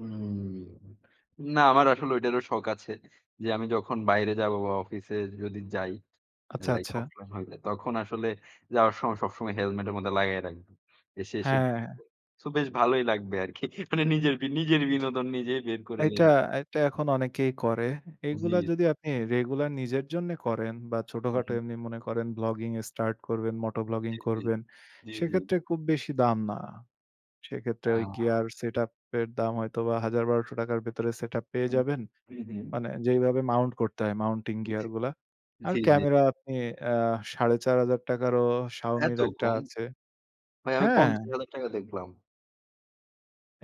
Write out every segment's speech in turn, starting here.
উম না, আমার আসলে ঐটারও শখ আছে যে, আমি যখন বাইরে যাব বা অফিসে যদি যাই, আচ্ছা, লাইক আচ্ছা। অফলাইন হলে, তখন আসলে যাওয়ার সময়, সবসময় হেলমেট এর মধ্যে লাগায় রাখবো। এসে, এসে হ্যাঁ, হ্যাঁ। দেখব। সো বেশ ভালোই লাগবে আরকি। মানে নিজের বি নিজের বিনোদন নিজেই বের করে এইটা নেব। এটা এখন অনেকেই করে। জ্বী, এগুলা জ্বী, যদি আপনি জ্বী। রেগুলার নিজের জন্য করেন বা হু, ছোটখাটো হু। এমনি মনে করেন ব্লগিং স্টার্ট করবেন, moto ব্লগিং জ্বী, জ্বী, করবেন জ্বী, জ্বী। সেক্ষেত্রে খুব বেশি দাম না। সেক্ষেত্রে ওই হ্যাঁ। গিয়ার সেটআপ এর দাম হয়তো বা ৳১০০০-১২০০-র ভেতরে সেটআপ পেয়ে হুম। যাবেন। হু, হু। মানে যেইভাবে মাউন্ট করতে হয় মাউন্টিং জ্বী। গিয়ার গুলা। জি, আর জ্বী, জ্বী। ক্যামেরা আপনি আ ৳৪,৫০০-রও এত শাওমির একটা কম! আছে। ভাই আমি হ্যাঁ। ৳৫০,০০০ দেখলাম।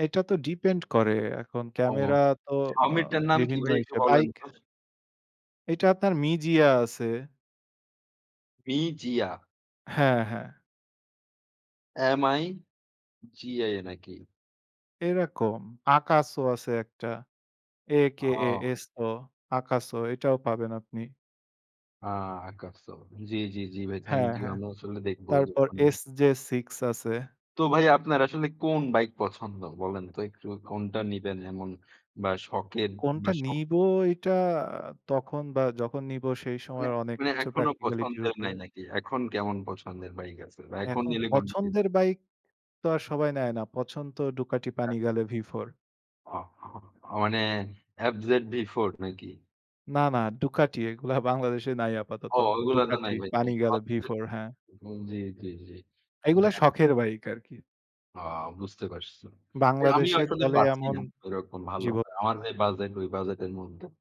এটা তো ডিপেন্ড করে। এখন ও! ক্যামেরা তো আ শাওমির টার নাম কি বিভিন্ন ভাই একটু ইসে বলেন বাইক তো? এটা আপনার মিজিয়া আছে। বি-জিয়া। হ্যাঁ, হ্যাঁ। এম-আই-জি-এ নাকি? এরকম AKASO আছে একটা ও! এ-কে-এ-এস-ও AKASO এটাও পাবেন আপনি। আ AKASO. জ্বি, জ্বি, জ্বি ভাই, থ্যাংক হ্যাঁ, ইউ। হ্যাঁ। আমি আসলে দেখবো তারপর যখন। এস-জে-সিক্স আছে। তো ভাই আপনার আসলে কোন বাইক পছন্দ? বলেন তো একটু কোনটা নিবেন এমন বা শখের কোনটা বা শখ নিবো এইটা তখন বা যখন নিবো সেই মানে সময়ের অনেক মানে কিছু এখনো প্র্যাকটিক্যালিটি র পছন্দের উপরে নাই নাকি? এখন কেমন পছন্দের বাইক আছে? বা এখন এখন নিলে কোনটি কে পছন্দের বাইক তো আর সবাই নেয় না, পছন্দ তো ডুকাটি আ প্যানিগালে ভি4. অ মানে এফ-জেড-ভি-ফোর নাকি? না, না। ডুকাটি এগুলা বাংলাদেশে নাই আপাতত। অ ওগুলা তো ডুকাটি নাই ভাই। প্যানিগালে [unintelligible] ভি4, হ্যাঁ। হু, জ্বী, জ্বী, জ্বী। এইগুলা [unintelligible] শখের বাইক আরকি। ও! বুঝতে পারছি। আমি বাংলাদেশে আসলে চলে পাচ্ছি এমন না। এরকম ভালো। জীব আমার যে বাজেট ওই বাজেট এর মধ্যে।